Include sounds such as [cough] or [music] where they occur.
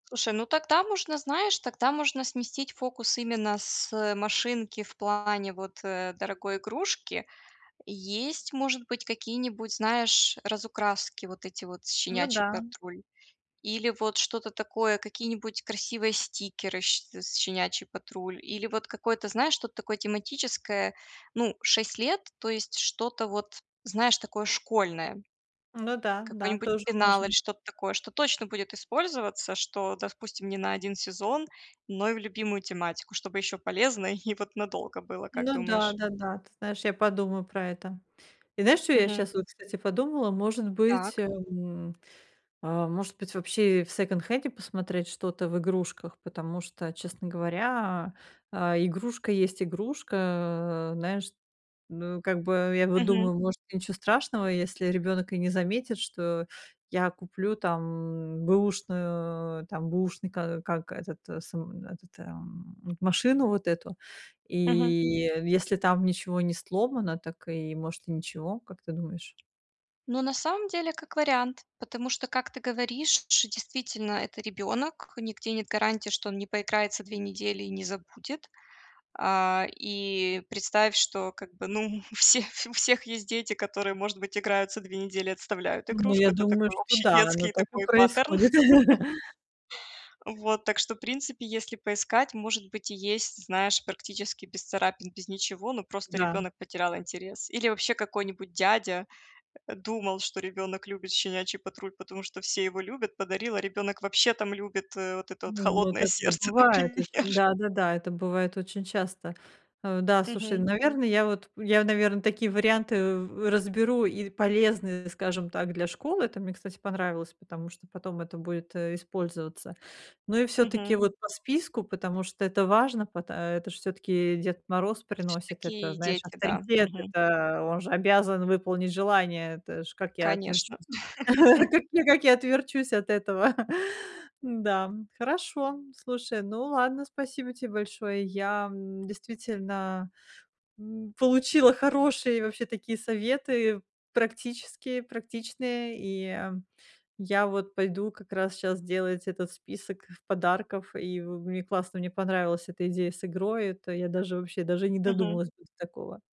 Слушай, ну тогда можно знаешь, тогда можно сместить фокус именно с машинки в плане, вот, э, дорогой игрушки. Есть может быть какие-нибудь, знаешь, разукраски, вот эти вот Ну да. "Щенячий патруль", или вот что-то такое, какие-нибудь красивые стикеры щ "Щенячий патруль", или вот какое-то, знаешь, что-то такое тематическое, ну 6 лет. То есть что-то вот знаешь такое школьное. Ну да, да, Какой-нибудь тоже пенал, или можно. что-то такое, что точно будет использоваться, что, допустим, не на 1 сезон, но и в любимую тематику, чтобы ещё полезно, и вот надолго было, как Ну да, думаешь? да-да, ты знаешь, я подумаю про это. И знаешь, чё я Мгм. щас вот, кстати, подумала, может быть, Так. эм, а, может быть, вообще в секонд-хенде посмотреть что-то в игрушках, потому что, честно говоря, а, игрушка есть игрушка. А, знаешь, ну как бы, я вот Мгм. думаю, может, ничего страшного, если ребёнок и не заметит, что я куплю там бэушную, там бэушный, ка как этот сам, этот, эм, м машину вот эту, и Мгм. если там ничего не сломано, так и может и ничего, как ты думаешь? Ну, на самом деле, как вариант, потому что, как ты говоришь, ш действительно это ребёнок, нигде нет гарантии, что он не поиграется 2 недели и не забудет. А, и представь, что как бы, ну, у всех у всех есть дети, которые может быть играются 2 недели и отставляют Ну, игрушку. я Это думаю, такой что общий да, оно детский так и такой паттерн. происходит. [laughs] [chuckles] Вот, так что в принципе, если поискать, может быть и есть, знаешь, практически без царапин, без ничего, но просто Да. ребёнок потерял интерес. Или вообще какой-нибудь дядя думал, что ребёнок любит "Щенячий патруль", потому что все его любят, подарил, а ребёнок вообще там любит, э, вот это вот Ну, ну "Холодное такое сердце", бывает очень. например. Да-да-да, это бывает очень часто. Э, да, слушай, Мгм. наверно, я вот, я, наверно, такие варианты в разберу, и полезны, скажем так, для школы. Там мне, кстати, понравилось, потому что потом это будет, э, использоваться. Ну и всё-таки, Мгм. вот по списку, потому что это важно, пат это ж всё-таки Дед Мороз приносит, это Всё-таки знаешь, дети, да, авторитет, мгм. это он же обязан выполнить желание. Это ж как я Конечно. отверчусь [laughs] [chuckles] как как я отверчусь от этого. [chuckles] Да, хорошо, слушай, ну ладно, спасибо те большое. Я, м, действительно, м, получила хорошие вообще такие советы, практические, практичные, и я вот пойду как раз щас делать этот список подарков, и мне в классно, мне понравилась эта идея с игрой, это я даже, вообще, даже и не Мгм. додумалась бы до такого.